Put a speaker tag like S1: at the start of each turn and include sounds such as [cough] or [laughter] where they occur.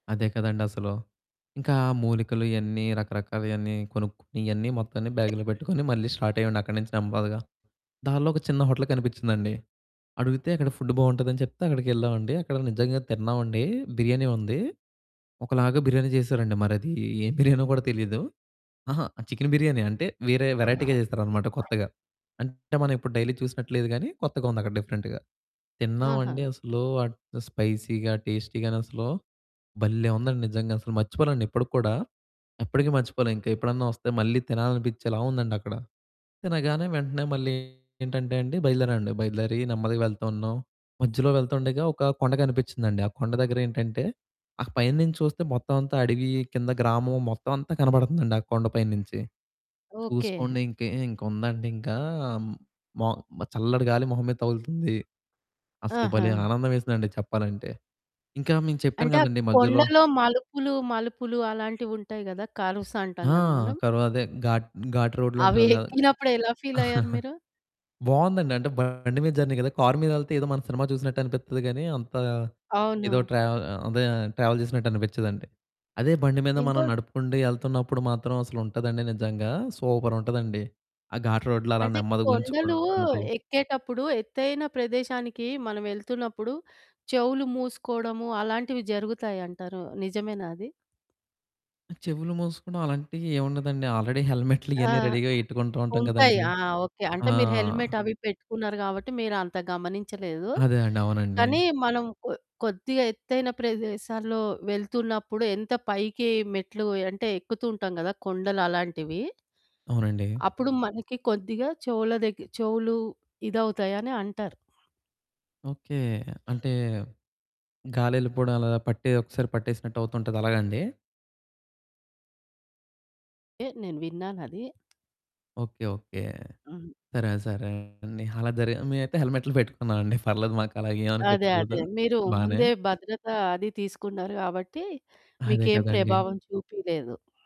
S1: అదే కదండసలు. ఇంకా మూలికలు ఇయన్నీ రకరకాలయన్నీ కొనుక్కొని, ఇయన్నీ మొత్తాన్ని బ్యాగులో పెట్టుకొని మళ్ళీ స్టార్టయ్యేవోడిని అక్కడి నించి నెమ్మదగా. దారిలో ఒక చిన్న హోటల్ కనిపించిందండి. అడుగితే అక్కడ ఫుడ్డు బావుంటదని చెప్తే అక్కడికెళ్ళామండి. అక్కడ నిజంగా తిన్నావండీ, బిర్యానీ ఉంది. ఒకలాగా బిర్యానీ చేసారండి. మరదీ ఏం బిర్యానో గూడా తెలీదు. అహా! చికెను బిర్యానీయే అంటే, వేరే వెరైటీగా చేసారనమాట కొత్తగా. అంటే, మనం ఎప్పుడు డైలీ చూసినట్టు లేదు గానీ, కొత్తగా ఉందక్కడ డిఫరెంట్‌గా.
S2: ఆహా!
S1: తిన్నావండీ అసలూ ఆహ్, స్పైసీగా, టేస్టీగానసలూ భల్లే ఉందండి నిజంగసలు. మర్చిపోనండి ఇప్పడికి కూడా. ఎప్పడికీ మర్చిపోలే. ఇంక ఎప్పుడన్నా ఒస్తే మళ్ళీ తినాలనిపిచ్చేలా ఉందండక్కడ. తినగానే వెంటనే మళ్ళీ ఏంటంటే అండి, బయలుదేరావండి. బయలుదేరి నెమ్మదిగా వెళ్తా ఉన్నాం. మధ్యలో వెళ్తుండగా ఒకా కొండ కనిపిచ్చిందండి. ఆ కొండ దగ్గరేంటంటే, ఆ పైన నించి చూస్తే మొత్తవంతా అడవీ, కింద గ్రామం, మొత్తవంతా కనబడతందండి. ఆ కొండ పైన నించి.
S2: ఓకే.
S1: చూసుకోండి ఇంకే ఇంకుందండింకా, మో మ చల్లటి గాలి మొహం మీద తగులుతుంది. అసలు
S2: ఆహా!
S1: భలే ఆనందవేసిందండి చెప్పాలంటే. ఇంకా మేము చెప్పాను
S2: అంటే, ఆ
S1: గదండీ మద్యలో
S2: కొండలో మలుపులు, మలుపులు అలాంటివుంటాయి గదా! కర్వ్స్ అంటాం
S1: ఆ!
S2: గద మనం...
S1: కర్వదే, ఘాట్ ఘాట్ రోడ్‌లో
S2: అవి
S1: ఉంటది గదా!
S2: ఎక్కినప్పుడు ఎలా ఫీలయ్యారు
S1: [giggles]
S2: మీరు?
S1: బావుందండి. అంటే, బండి మీద జర్నీ గదా! కారు మీదెళ్తే ఏదో మనం సినిమా చూసినట్టనిపిత్తది గానీ, అంతా ఏదో
S2: అవును.
S1: ట్రావ్ ఆహ్, అదే ట్రావెల్ జేసినట్టనిపిచ్చదండి. అదే బండి మీద
S2: ఇంకో
S1: మనం నడుపుకుంటూ యెళ్తన్నప్పుడు మాత్రం అసలుంటదండి నిజంగా సూపరుంటదండి, ఆ ఘాట్ రోడ్‌లో అలా
S2: అంటే, కొండలూ
S1: నెమ్మదిగుంచుకుంటూ.
S2: ఎక్కేటప్పుడు, ఎత్తైన ప్రదేశానికీ మనవెళ్తున్నప్పుడు చెవులు మూసుకోడము, అలాంటివి జరుగుతాయంటారు. నిజమేనా అది?
S1: ఆ! చెవులు మూసుకోడం అలాంటియేవుండదండి. ఆల్రెడీ హెల్మెట్లు
S2: ఆ!
S1: ఇయన్నీ రెడీగా యెట్టుకుంటా ఉంటాం
S2: ఉంటాయి.
S1: గదండీ.
S2: ఆ! ఓకే. అంటే,
S1: ఆ!
S2: మీరు హెల్మెట్, అవి పెట్టుకున్నారు గాబట్టి, మీరంత గమనించలేదు,
S1: అదే అండి. అవునండి.
S2: కానీ మనం కొ కొద్దిగా ఎత్తైన ప్రదేశాల్లో వెళ్తున్నప్పుడు ఎంత పైకి మెట్లు అంటే, ఎక్కుతుంటాం గదా కొండలు అలాంటివి.
S1: అవునండి.
S2: అప్పుడు మనకి కొద్దిగా చెవుల దగ్గ చెవులు ఇదవుతాయని అంటారు.
S1: ఓకే. అంటే, గాలెల్లిపోడం ఎలాగా? పట్టే ఒకసారి పట్టేసినట్టువుతుంటది అలాగా అండి?
S2: ఏహ్! నేను విన్నానదీ.
S1: ఓకే. ఓకే.
S2: హుహు.
S1: సరే, సరే అండి. అలా జరిగే మేము అయితే హెల్మెట్లు పెట్టుకున్నావండి. పర్లేదు
S2: అదే.
S1: మాకలాగేవనిపిచ్చలేదు.
S2: అదే. మీరు
S1: బానే
S2: ముందే భద్రత అది తీసుకున్నారు గాబట్టీ,
S1: అదే
S2: మీకేం
S1: కదండీ.
S2: ప్రభావం చూపీలేదు.